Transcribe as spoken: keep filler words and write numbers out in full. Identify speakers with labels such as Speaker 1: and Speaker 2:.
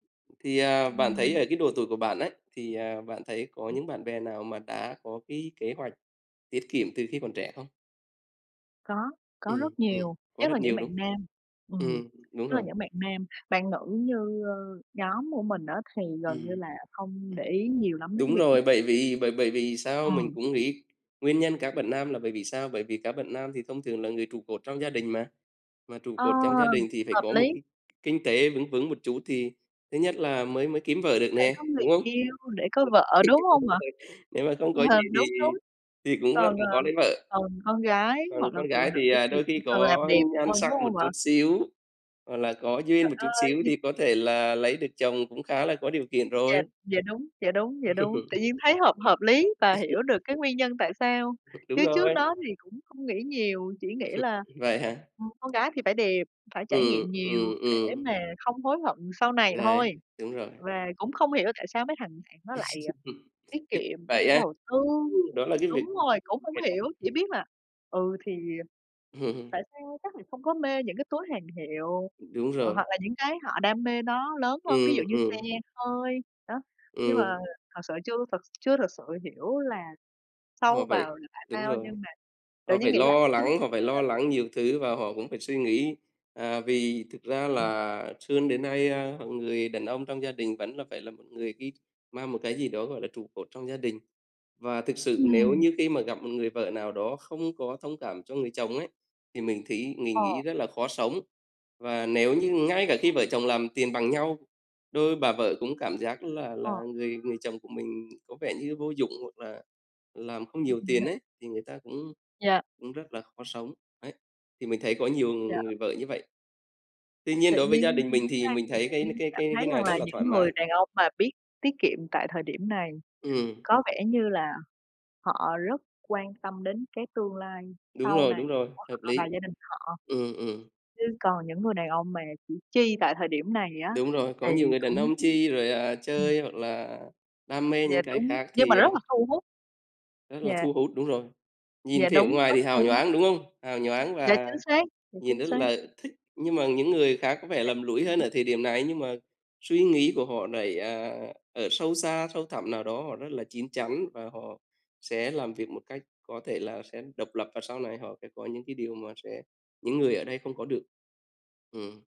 Speaker 1: Thì, à, bạn thấy
Speaker 2: Ừm.
Speaker 1: ở cái độ tuổi của bạn ấy thì, à, bạn thấy có
Speaker 2: [unintelligible]
Speaker 1: những bạn bè nào mà đã có cái kế hoạch tiết kiệm từ khi còn trẻ không?
Speaker 2: Có, có
Speaker 1: Ừm,
Speaker 2: rất
Speaker 1: ừm,
Speaker 2: nhiều,
Speaker 1: có
Speaker 2: nhất là
Speaker 1: rất
Speaker 2: những
Speaker 1: nhiều
Speaker 2: bạn
Speaker 1: đúng
Speaker 2: nam ừm,
Speaker 1: Ừm, đúng
Speaker 2: nhất là
Speaker 1: rồi.
Speaker 2: những bạn nam. Bạn nữ như, ờ, nhóm của mình á, thì gần như
Speaker 1: Ừm.
Speaker 2: là không
Speaker 1: Ừm.
Speaker 2: để ý nhiều lắm đến cái
Speaker 1: Đúng
Speaker 2: việc tiết
Speaker 1: rồi, bởi
Speaker 2: kiệm.
Speaker 1: vì bởi bởi vì sao mình
Speaker 2: Ừm.
Speaker 1: cũng nghĩ nguyên nhân các bạn nam là bởi vì sao? Bởi vì các bạn nam thì thông thường là người trụ cột trong gia đình mà, mà trụ
Speaker 2: Ờ,
Speaker 1: cột trong gia đình thì phải
Speaker 2: hợp
Speaker 1: có một
Speaker 2: lý!
Speaker 1: cái kinh tế vững vững một chút thì thứ nhất là mới mới kiếm vợ được
Speaker 2: Để
Speaker 1: nè,
Speaker 2: có người
Speaker 1: đúng không?
Speaker 2: yêu, để có
Speaker 1: [unintelligible]
Speaker 2: vợ, đúng
Speaker 1: Thì đúng
Speaker 2: hông ạ?
Speaker 1: rồi, nếu mà không có gì thì
Speaker 2: Đúng, đúng.
Speaker 1: thì cũng rất,
Speaker 2: Còn,
Speaker 1: ừm,
Speaker 2: ờ,
Speaker 1: khó lấy vợ.
Speaker 2: còn con gái
Speaker 1: Còn
Speaker 2: hoặc là
Speaker 1: con
Speaker 2: phụ
Speaker 1: gái
Speaker 2: nữ
Speaker 1: thì, à,
Speaker 2: thì
Speaker 1: đôi khi
Speaker 2: chỉ cần làm
Speaker 1: có
Speaker 2: đẹp
Speaker 1: nhan
Speaker 2: thôi,
Speaker 1: sắc
Speaker 2: đúng
Speaker 1: một
Speaker 2: hông ạ?
Speaker 1: chút xíu hoặc là có duyên
Speaker 2: Trời
Speaker 1: một chút
Speaker 2: ơi!
Speaker 1: xíu
Speaker 2: Ngh
Speaker 1: thì có thể là lấy được chồng cũng khá là có điều kiện rồi.
Speaker 2: Yeah, dạ đúng, dạ đúng, dạ đúng. Tự nhiên thấy hợp hợp lý và hiểu được cái nguyên nhân tại sao
Speaker 1: Đúng
Speaker 2: chứ trước
Speaker 1: rồi.
Speaker 2: đó thì cũng không nghĩ nhiều, chỉ nghĩ là,
Speaker 1: Vậy hả?
Speaker 2: ừm, con gái thì phải đẹp, phải trải
Speaker 1: Ừm,
Speaker 2: nghiệm nhiều
Speaker 1: ừm,
Speaker 2: để
Speaker 1: ừm.
Speaker 2: mà không hối hận sau này thôi.
Speaker 1: Ngáy, đúng rồi.
Speaker 2: Và cũng không hiểu tại sao mấy thằng bạn nó lại, à, tiết
Speaker 1: Ít
Speaker 2: kiệm,
Speaker 1: vậy á?
Speaker 2: đầu tư
Speaker 1: Đó là cái việc
Speaker 2: đúng rồi, cũng hông
Speaker 1: [unintelligible]
Speaker 2: hiểu, chỉ biết là, ừ, thì tại sao chắc là không có mê những cái túi hàng hiệu,
Speaker 1: Ừm, đúng
Speaker 2: ờ, hoặc
Speaker 1: rồi.
Speaker 2: là những cái họ đam mê nó lớn hơn, ví dụ
Speaker 1: Ừm,
Speaker 2: như xe
Speaker 1: ừm.
Speaker 2: hơi, đó. Nhưng mà
Speaker 1: Ừm.
Speaker 2: thật sự chưa thật chưa thật sự hiểu là
Speaker 1: Họ
Speaker 2: sâu
Speaker 1: phải
Speaker 2: vào là tại
Speaker 1: đúng
Speaker 2: sao
Speaker 1: rồi,
Speaker 2: nhưng mà tự
Speaker 1: họ
Speaker 2: nhiên
Speaker 1: phải
Speaker 2: nghĩ lại
Speaker 1: lo
Speaker 2: thấy đúng.
Speaker 1: lắng, họ phải lo
Speaker 2: [unintelligible]
Speaker 1: lắng nhiều thứ và họ cũng phải suy nghĩ, à, vì thực ra
Speaker 2: Ừm.
Speaker 1: là xươn đến nay, a, h người đàn ông trong gia đình vẫn là phải là một người ghi mang một cái gì đó gọi là trụ cột trong gia đình. Và thực sự nếu
Speaker 2: Ừm.
Speaker 1: như khi mà gặp một người vợ nào đó không có thông cảm cho người chồng ấy, thì mình thí mình nghĩ
Speaker 2: Ờ.
Speaker 1: rất là khó sống. Và nếu như ngay cả khi
Speaker 2: Hay.
Speaker 1: vợ chồng làm tiền bằng nhau, đôi bà vợ cũng cảm giác là
Speaker 2: Ờ.
Speaker 1: là người người chồng của mình có vẻ như vô dụng hoặc là làm không nhiều tiền ấy, thì người ta cũng
Speaker 2: Dạ.
Speaker 1: cũng rất là khó sống, ấy, thì mình thấy có nhiều
Speaker 2: Dạ.
Speaker 1: người vợ như vậy. Tuy nhiên
Speaker 2: Tự
Speaker 1: đối với gia
Speaker 2: nhiên
Speaker 1: đình
Speaker 2: tính
Speaker 1: mình
Speaker 2: ra
Speaker 1: thì mình
Speaker 2: thì
Speaker 1: thấy
Speaker 2: tự
Speaker 1: cái n
Speaker 2: nhiên
Speaker 1: cái
Speaker 2: cảm
Speaker 1: cái
Speaker 2: thấy
Speaker 1: cái
Speaker 2: rằng
Speaker 1: này rất
Speaker 2: là
Speaker 1: là thoải
Speaker 2: những
Speaker 1: mái.
Speaker 2: người đàn ông mà biết tiết kiệm tại thời điểm này
Speaker 1: Ừm.
Speaker 2: có vẻ như là họ rất quan tâm đến cái tương lai
Speaker 1: Đúng
Speaker 2: sau
Speaker 1: rồi,
Speaker 2: này
Speaker 1: đúng rồi,
Speaker 2: của
Speaker 1: hợp
Speaker 2: họ và
Speaker 1: lý.
Speaker 2: gia đình họ,
Speaker 1: Ừm, ừm.
Speaker 2: chứ còn những người đàn ông mà chỉ chi tại thời điểm này á,
Speaker 1: Đúng rồi, có
Speaker 2: thì
Speaker 1: nhiều người đàn
Speaker 2: cũng
Speaker 1: ông chi rồi, à,
Speaker 2: ừm.
Speaker 1: chơi hoặc là đam mê
Speaker 2: Dạ
Speaker 1: những cái
Speaker 2: đúng,
Speaker 1: khác
Speaker 2: nhưng mà
Speaker 1: thì, à
Speaker 2: rất là thu hút.
Speaker 1: rất là
Speaker 2: Dạ.
Speaker 1: thu hút, đúng rồi. Nhìn
Speaker 2: Dạ
Speaker 1: vẻ
Speaker 2: đúng,
Speaker 1: ngoài thì
Speaker 2: rất
Speaker 1: hào
Speaker 2: thu hút.
Speaker 1: nhoáng, đúng không? Hào nhoáng
Speaker 2: Dạ chính
Speaker 1: và
Speaker 2: xác, dạ
Speaker 1: nhìn
Speaker 2: chính
Speaker 1: rất
Speaker 2: xác.
Speaker 1: là thích, nhưng mà những người khác có vẻ
Speaker 2: Dạ
Speaker 1: lầm lũi hơn
Speaker 2: đúng.
Speaker 1: ở thời điểm này nhưng mà suy nghĩ của họ lại, à, ở sâu xa, sâu thẳm nào đó họ rất là chín chắn, và họ sẽ làm việc một cách có thể là sẽ độc lập và sau này họ sẽ có những cái điều mà sẽ những người ở đây không có được. Ừm.